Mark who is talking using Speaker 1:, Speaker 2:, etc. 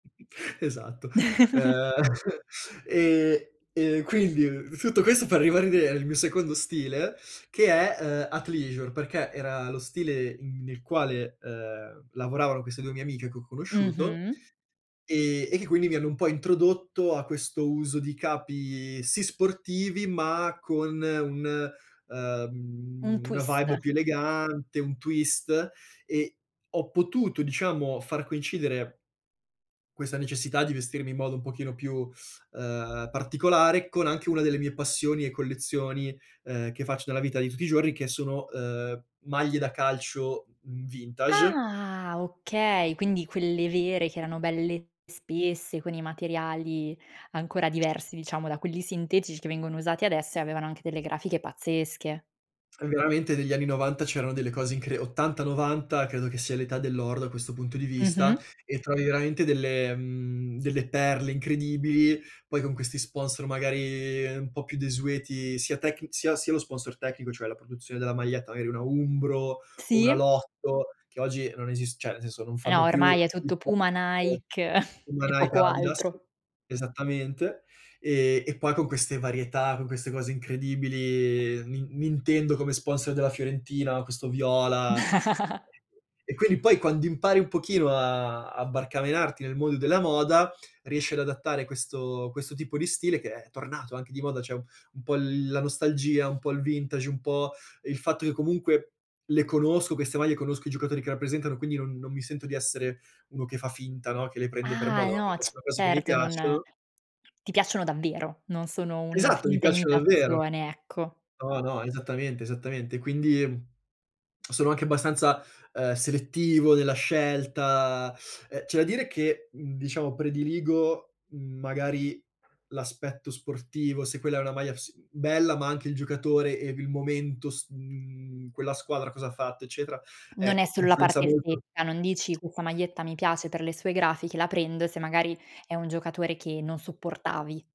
Speaker 1: Esatto. Uhm, e e quindi tutto questo per ribadire il mio secondo stile, che è, uhm, Athleisure, perché era lo stile in nel quale, uhm, lavoravano queste 2 mie amiche che ho conosciuto
Speaker 2: Mh-mh.
Speaker 1: e e che quindi mi hanno un po' introdotto a questo uso di capi, sì sportivi, ma con un
Speaker 2: Un
Speaker 1: uhm, una
Speaker 2: twist.
Speaker 1: vibe più elegante, un twist e ho potuto, diciamo, far coincidere questa necessità di vestirmi in modo un pochino più, uhm, particolare, con anche una delle mie passioni e collezioni, uhm, che faccio nella vita di tutti i giorni che sono, uhm, maglie da calcio v vintage
Speaker 2: Ah, okay, quindi quelle vere che erano belle spesse, con i materiali ancora diversi, diciamo, da quelli sintetici che vengono usati adesso, e avevano anche delle grafiche pazzesche.
Speaker 1: Eh, veramente, negli anni 90 c'erano delle cose incre 80, 90 credo che sia l'età dell'oro, da questo punto di vista,
Speaker 2: Mh-mh.
Speaker 1: e trovi veramente delle mhmm, delle perle incredibili, poi con questi sponsor magari un po' più desueti sia tecni sia sia lo sponsor tecnico, cioè la produzione della maglietta, magari una Umbro o una
Speaker 2: Sì.
Speaker 1: Lotto, che oggi non esist cioè, nel senso, non
Speaker 2: Eh,
Speaker 1: fanno
Speaker 2: ormai
Speaker 1: più
Speaker 2: è tutto
Speaker 1: [unintelligible]
Speaker 2: Puma, Nike
Speaker 1: Puma,
Speaker 2: e
Speaker 1: Nike,
Speaker 2: poco
Speaker 1: Adidas.
Speaker 2: altro.
Speaker 1: Esattamente, ehm, e poi con queste varietà, con queste cose incredibili, Nin Nintendo come sponsor della Fiorentina, questo viola. E e quindi, poi quando impari un pochino a a barcamenarti nel mondo della moda, riesci ad adattare questo questo tipo di stile, che è tornato anche di moda, cioè un un po' l la nostalgia, un po' il vintage, un po' il fatto che comunque le conosco queste maglie, conosco i giocatori che rappresentano, quindi non non mi sento di essere uno che fa finta, no, che le prende per
Speaker 2: Ah,
Speaker 1: moda,
Speaker 2: e
Speaker 1: ma
Speaker 2: no,
Speaker 1: perché sono cose che mi
Speaker 2: certo, non
Speaker 1: piacciono
Speaker 2: ti piacciono davvero, non sono una
Speaker 1: Esatto, mi
Speaker 2: finta
Speaker 1: piacciono davvero.
Speaker 2: imitazione, ecco.
Speaker 1: No, no, esattamente, esattamente. Quindi, sono anche abbastanza, uhm, selettivo nella scelta uhm, c'è da dire che, mhmm, diciamo, prediligo magari l'aspetto sportivo, se quella è una maglia s bella, ma anche il giocatore e i il momento s mhmm, quella squadra cosa ha fatto, eccetera, eh,
Speaker 2: Non è
Speaker 1: i
Speaker 2: solo la
Speaker 1: influenza
Speaker 2: parte
Speaker 1: molto
Speaker 2: estetica, non dici: "Questa maglietta mi piace per le sue grafiche, la prendo." Se magari è un giocatore che non sopportavi.